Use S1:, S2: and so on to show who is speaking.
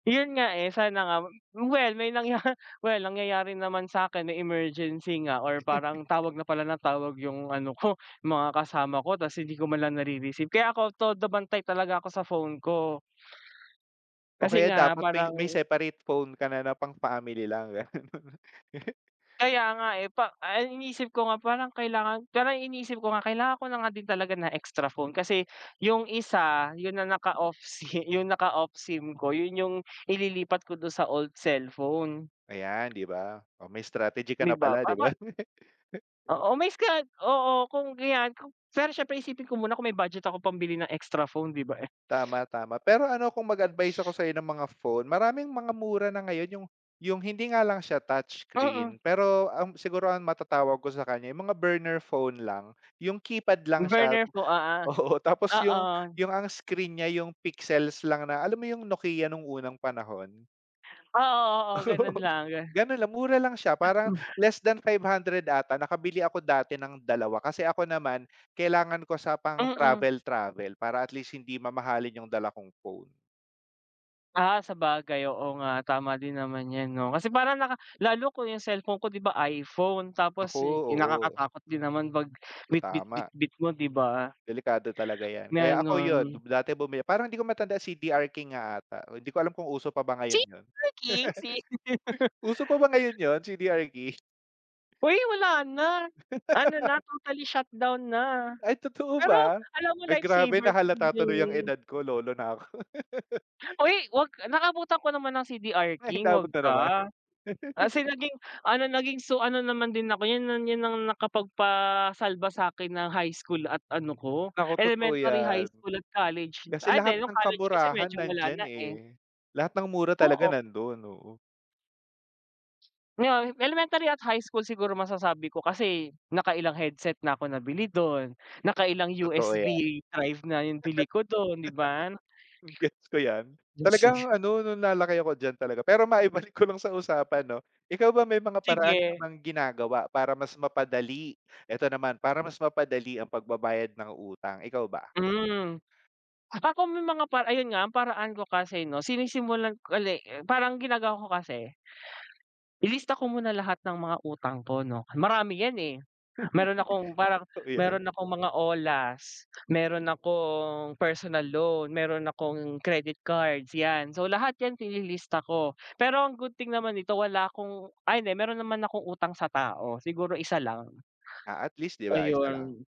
S1: Yun nga, eh, sana nga well may nangya well nangyayari naman sakin may emergency nga or parang tawag na pala ng tawag yung ano ko, mga kasama ko tapos hindi ko man lang na-rereceive kaya ako todo bantay talaga ako sa phone ko.
S2: O
S1: Kasi
S2: kaya
S1: nga
S2: dapat may
S1: parang
S2: may separate phone ka na ng pang-family lang ganun.
S1: Kaya nga, eh, pa ay iniisip ko nga parang kailangan parang iniisip ko nga kailangan ko na nga din talaga na extra phone kasi, yung isa, yun na naka-off sim yung naka-off sim ko yun yung ililipat ko dun sa old cellphone.
S2: Ayan, 'di ba? O may strategy ka
S1: May
S2: na
S1: iba
S2: pala,
S1: pa
S2: 'di
S1: ba
S2: ba?
S1: Oo may scra oo kung gayan k siyempre isipin ko muna kung may budget ako pambili ng extra phone, 'di ba eh?
S2: Tama-tama pero ano kung mag advice ako sayo ng mga phone, maraming mga mura na ngayon yung yung hindi nga lang siya touch
S1: Mm.
S2: screen, pero ang siguro ang matatawag ko sa kanya yung mga burner phone lang, yung keypad lang siya
S1: Burner po, oo,
S2: oo tapos yung
S1: oo.
S2: yung ang screen nya yung pixels lang na alam mo yung Nokia nung unang panahon?
S1: Oo, oo ganun lang.
S2: Ganon lang mura lang siya parang, less than 500 ata nakabili ako dati ng 2 kasi ako naman, kailangan ko sa pang
S1: Mm.
S2: travel-travel, para at least hindi mamahalin yung dala kong phone.
S1: Ah, sabagay oo nga tama din naman yan, 'no? Kasi parang naka lalo ko yung cellphone ko, di ba iPhone,
S2: Naku,
S1: tapos
S2: oo.
S1: nakakatakot din naman pag
S2: Tama.
S1: bitbit-bitbit mo, 'di ba?
S2: Delikado talaga 'yan, kaya ako yun,
S1: Ganon.
S2: dati bumil parang hindi ko matandaan CDR King nga ata, hindi ko alam kung uso pa ba ngayon yun.
S1: CDR King, C.
S2: Uso pa ba ngayon yun? CDR King?
S1: Uy! Wala na, ano na totally shutdown na.
S2: Ay totoo
S1: Pero
S2: ba?
S1: alam mo
S2: Nag
S1: life
S2: grabe na
S1: saver.
S2: halata tuloy ang
S1: [unintelligible]
S2: edad ko lolo na ako.
S1: Uy! Wag naka abutan ko naman ng CDR
S2: Ay
S1: King wag
S2: inabot na naman.
S1: ka. Kasi naging ano naging so, ano naman din ako yun na yun ang nakapagpa-salba sakin ng high school at ano ko,
S2: Nako, totoo
S1: elementary, high
S2: yan.
S1: school at college,
S2: Kasi
S1: ay
S2: lahat
S1: di nung
S2: ng
S1: college kasi
S2: kamurahan
S1: medyo wala
S2: nandiyan
S1: na, eh.
S2: eh, lahat ng mura talaga
S1: Oo.
S2: nandon, oo.
S1: Yon, elementary at high school siguro masasabi ko kasi naka-ilang headset na ako nabili dun, nakailang
S2: Totoo
S1: USB
S2: yan.
S1: drive na yung bili ko dun, 'di ba?
S2: Gets ko yan, talagang
S1: [unintelligible]
S2: ano, nung na-laki ako diyan talaga pero maibalik ko lang sa usapan, 'no? Ikaw ba may mga paraan ka
S1: Sige.
S2: bang ginagawa para mas mapadali, eto naman para mas mapadali ang pag-babayad ng utang, ikaw ba?
S1: Hmm, ako may mga para ayun nga ang paraan ko kasi, 'no? Sinisimulan ko uli parang ginagawa ko kasi. Ililista ko muna lahat ng mga utang ko, 'no? marami yan, eh, meron akong parang,
S2: Totoo yan.
S1: meron akong mga olas, meron akong personal loan, meron akong credit cards, yan, so lahat yan ililista ko, pero ang good thing naman ito wala akong ay hindi meron naman akong utang sa tao siguro isa lang.
S2: Ah, at least, 'di ba isa lang?
S1: Ayun.